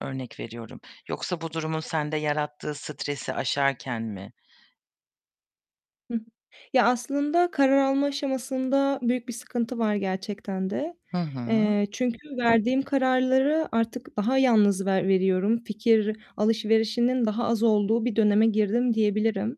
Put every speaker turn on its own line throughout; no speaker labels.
Örnek veriyorum yoksa bu durumun sende yarattığı stresi aşarken mi?
Hı hı. Ya, aslında karar alma aşamasında büyük bir sıkıntı var gerçekten de,
Hı hı.
eee, çünkü verdiğim kararları artık daha yalnız ver veriyorum, fikir alışverişinin daha az olduğu bir döneme girdim diyebilirim.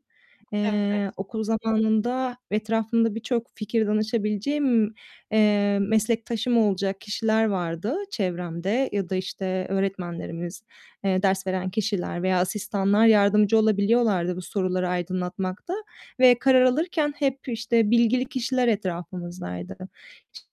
Eee,
Evet.
okul zamanında ve etrafımda birçok fikir danışabileceğim, emm, meslektaşım olacak kişiler vardı çevremde ya da, işte, öğretmenlerimiz, eee, ders veren kişiler veya asistanlar yardımcı olabiliyorlardı bu soruları aydınlatmakta ve karar alırken hep, işte, bilgili kişiler etrafımızdaydı.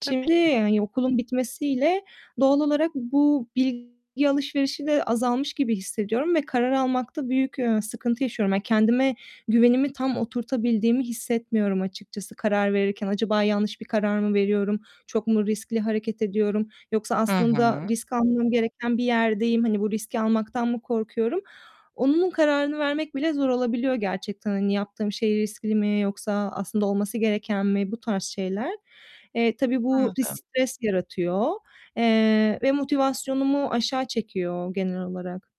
Tabii ki.
yani, okulun bitmesiyle doğal olarak bu bilgi alışverişi de azalmış gibi hissediyorum ve karar almakta büyük, ııı, sıkıntı yaşıyorum. Ya, kendime güvenimin tam oturtabildiğimi hissetmiyorum açıkçası karar verirken. Acaba yanlış bir karar mı veriyorum? Çok mu riskli hareket ediyorum yoksa
Hı
aslında
hı.
risk almam gereken bir yerdeyim, hani, bu riski almaktan mı korkuyorum, onun kararını vermek bile zor olabiliyor gerçekten. Hani, yaptığım şey riskli mi yoksa aslında olması gereken mi, bu tarz şeyler. Eee, tabii bu bir
Anladım.
stres yaratıyor, eee, ve motivasyonumu aşağı çekiyor genel olarak.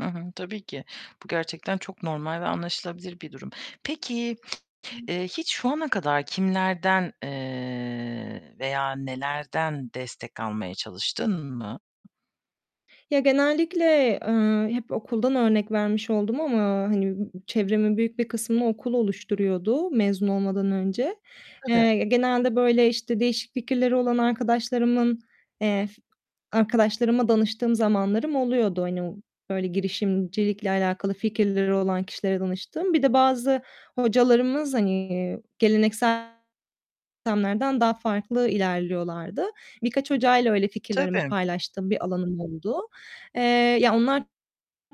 Hı hı, tabii ki. Bu gerçekten çok normal ve anlaşılabilir bir durum. Peki, eee, hiç şu ana kadar kimlerden, eee, veya nelerden destek almaya çalıştın mı?
Ya, genellikle, eee, hep okuldan örnek vermiş oldum ama, hani, b çevremin büyük bir kısmını okul oluşturuyordu mezun olmadan önce.
Tabii.
Eee, genelde, böyle, işte, değişik fikirleri olan arkadaşlarımın, eee, arkadaşlarıma danıştığım zamanlarım oluyordu, hani, böyle, girişimcilikle alakalı fikirleri olan kişilere danıştığım. Bir de bazı hocalarımız, hani, geleneksel sistemlerden daha farklı ilerliyorlardı. Birkaç hocayla öyle fikirlerimi
Tabii.
paylaştığım bir alanım oldu. Eee, ya, onlar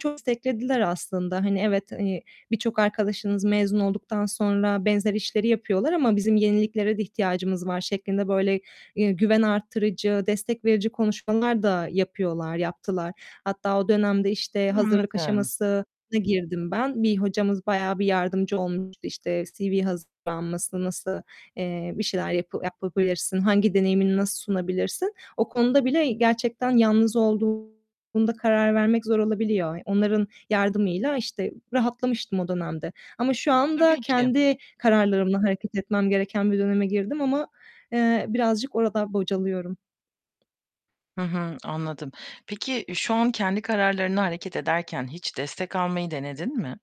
çok desteklediler aslında. Hani, evet, hani, birçok arkadaşınız mezun olduktan sonra benzer işleri yapıyorlar ama bizim yeniliklere de ihtiyacımız var şeklinde, böyle, eee, güven arttırıcı, destek verici konuşmalar da yapıyorlar, yaptılar. Hatta o dönemde, işte, hazırlık
Anladım.
aşamasına girdim ben. Bir hocamız bayağı bir yardımcı olmuştu. İşte, CV hazırlanması, nasıl, eee, bir şeyler yapı yapabilirsin, hangi deneyimini nasıl sunabilirsin, o konuda bile gerçekten yalnız olduğunda karar vermek zor olabiliyor. Onların yardımıyla, işte, rahatlamıştım o dönemde ama şu anda
Tabii ki.
kendi kararlarımla hareket etmem gereken bir döneme girdim ama, eee, birazcık orada bocalıyorum.
Hı hı anladım. Peki şu an kendi kararlarında hareket ederken hiç destek almayı denedin mi?